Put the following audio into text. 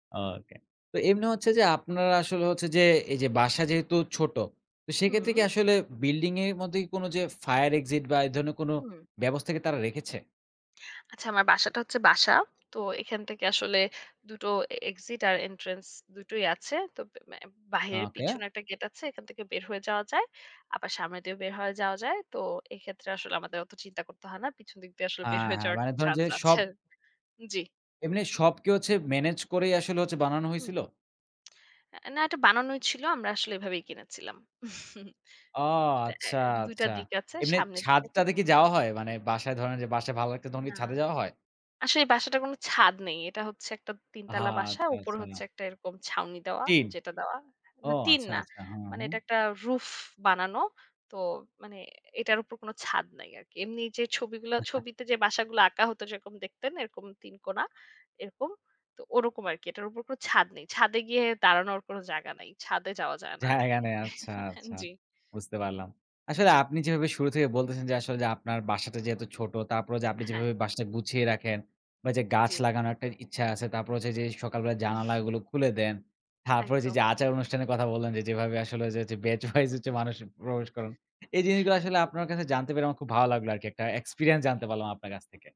ওকে, তো এমনি হচ্ছে যে আপনারা আসলে হচ্ছে যে এই যে বাসা যেহেতু ছোট। তো সেক্ষেত্রে কি হুম। আসলে বিল্ডিং এর মধ্যে কোনো যে ফায়ার এক্সিট বা এই ধরনের কোনো হুম। ব্যবস্থা কি তারা রেখেছে? আচ্ছা আমার বাসাটা হচ্ছে বাসা। তো এখান থেকে আসলে দুটো এক্সিট আর এন্ট্রান্স দুটোই আছে। তো এ এম বাইরের ওকে। পিছনে একটা গেট আছে। এখান থেকে বের হয়ে যাওয়া যায়। আবার সামনে দিয়ে বের হয়ে যাওয়া যায়। তো এক্ষেত্রে আসলে আমাদের অত চিন্তা করতে হয় না। পিছনে দিক দিয়ে আসলে আ বের হয়ে হ্যাঁ, যাওয়ার মানে একটা ধরুন যে চান্স সব আছে। জি। এমনি সব কি হচ্ছে মেনেজ করেই আসলে হচ্ছে বানানো হুম। হইসিলো? না এটা বানানোই ছিল। আমরা আসলে এভাবেই কিনেছিলাম। ও তে আ আচ্ছা, ২ টা আচ্ছা। দিক আছে। এমনি সামনের ছাদ দিকে একটা টাদে কি পেছনের যাওয়া দিকে। হয়? মানে বাসায় ধরেন যে বাসায় ভালো লাগছে না, তখন কি না। ছাদে যাওয়া হয়? আসলে এই বাসাটার কোন ছাদ নেই। এটা হচ্ছে একটা ৩ অহ! তালা বাসা। আচ্ছা, উপরে আচ্ছা। হচ্ছে একটা এরকম ছাউনি দেওয়া টিন। যেটা দেওয়া। না ওহ টিন আচ্ছা না। আচ্ছা। হু, মানে হুম। এটা একটা রুফ বানানো। তো মানে এটার উপর কোন ছাদ নাই আরকি। এমনি যে ছবিগুলা ছবিতে যে বাসাগুলা আঁকা হতো, যেরকম দেখতেন এরকম ৩ কোনা এরকম। তো ওরকম আরকি। এটার উপর কোন ছাদ নেই। ছাদে গিয়ে দাঁড়ানোর কোন জায়গা নেই। ছাদে যাওয়া যায় না জায়গা আরকি। নেই আচ্ছা, আচ্ছা, জি। বুঝতে পারলাম। আসলে জি। আপনি যেভাবে শুরু থেকে বলতেছেন যে আসলে যে আপনার বাসাটা যেহেতু ছোট তারপরে যে আপনি হ্যাঁ। যেভাবে বাসাটা গুছিয়ে রাখেন বা যে গাছ জি। লাগানোর একটা ইচ্ছা আছে, তারপর হচ্ছে যে সকাল বেলায় জানালাগুলো খুলে দেন। তারপরে হচ্ছে যে ওই যে একদম। আচার অনুষ্ঠানের কথা বললেন, যে যেভাবে আসলে হচ্ছে বেচ ওয়াইজ হচ্ছে জি। মানুষ প্রবেশ করান। এই জিনিসগুলো আসলে জি। আপনার কাছে জানতে পেরে আমার খুব ভালো লাগলো আরকি, একটা এক্সপেরিয়েন্স জানতে পারলাম আপনার কাছ থেকে।